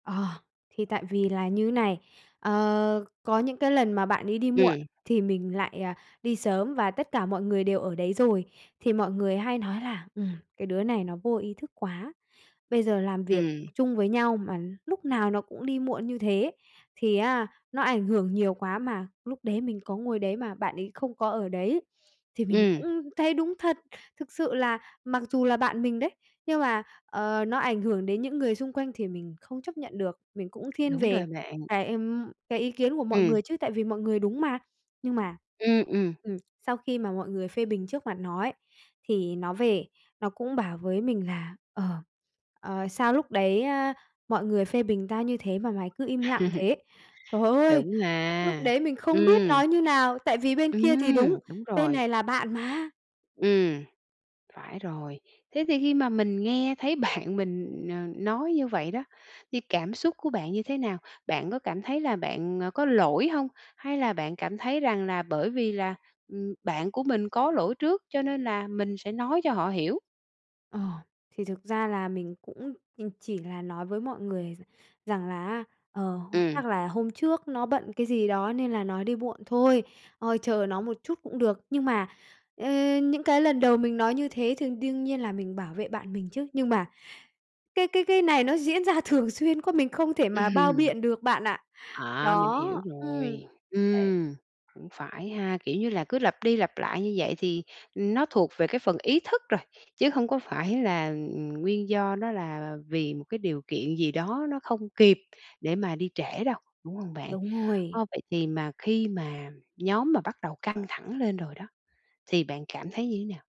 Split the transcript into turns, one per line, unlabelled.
Ờ, thì tại vì là như này, ờ, có những cái lần mà bạn ấy đi muộn
Ừm.
thì mình lại, ờ, đi sớm và tất cả mọi người đều ở đấy rồi. Thì mọi người hay nói là, ừm, "Cái đứa này nó vô ý thức quá. Bây giờ làm việc
Ừm.
chung với nhau mà lúc nào nó cũng đi muộn như thế, thì á, nó ảnh hưởng nhiều quá mà." Lúc đấy mình có ngồi đấy mà bạn ấy không có ở đấy thì mình
Ừm.
cũng thấy đúng thật. Thực sự là mặc dù là bạn mình đấy, nhưng mà, ờ, nó ảnh hưởng đến những người xung quanh thì mình không chấp nhận được. Mình cũng thiên
Đúng
về
rồi bạn.
cái, ừm, cái ý kiến của mọi
Ừm.
người chứ, tại vì mọi người đúng mà. Nhưng mà,
Ừm, ừm.
ừm, sau khi mà mọi người phê bình trước mặt nó ấy, thì nó về nó cũng bảo với mình là, ờ ờ, "Sao lúc đấy á, mọi người phê bình tao như thế mà mày cứ im lặng thế?" Trời ơi!
Đúng
Lúc
ha,
đấy mình không biết
ừm.
nói như nào, tại vì bên kia thì đúng,
Ừm, đúng
bên
rồi.
này là bạn mà.
Ừm,
Ờ.
phải rồi. Thế thì khi mà mình nghe thấy bạn mình, ờ, nói như vậy đó, thì cảm xúc của bạn như thế nào? Bạn có cảm thấy là bạn, à, có lỗi hông? Hay là bạn cảm thấy rằng là bởi vì là, ừm, bạn của mình có lỗi trước, cho nên là mình sẽ nói cho họ hiểu.
Ờ, thì thực ra là mình cũng mình chỉ là nói với mọi người r rằng là á, ờ, "H
Ừm.
chắc là hôm trước nó bận cái gì đó nên là nó đi muộn thôi. Ờ, chờ nó một chút cũng được." Nhưng mà, ơ, những cái lần đầu mình nói như thế thì đương nhiên là mình bảo vệ bạn mình chứ, nhưng mà cái cái cái này nó diễn ra thường xuyên quá, mình không thể mà bao
Ừm.
biện được bạn ạ.
À, mình
Đó.
hiểu
Ừm.
rồi.
Đấy.
Ừm, cũng phải ha, kiểu như là cứ lặp đi lặp lại như vậy thì, ừm, nó thuộc về cái phần ý thức rồi, chứ không có phải là, ừm, nguyên do nó là vì một cái điều kiện gì đó nó không kịp để mà đi trễ đâu, đúng hông bạn?
Đúng rồi.
Ờ, vậy thì mà khi mà nhóm mà bắt đầu căng thẳng lên rồi đó, thì bạn cảm thấy như thế nào?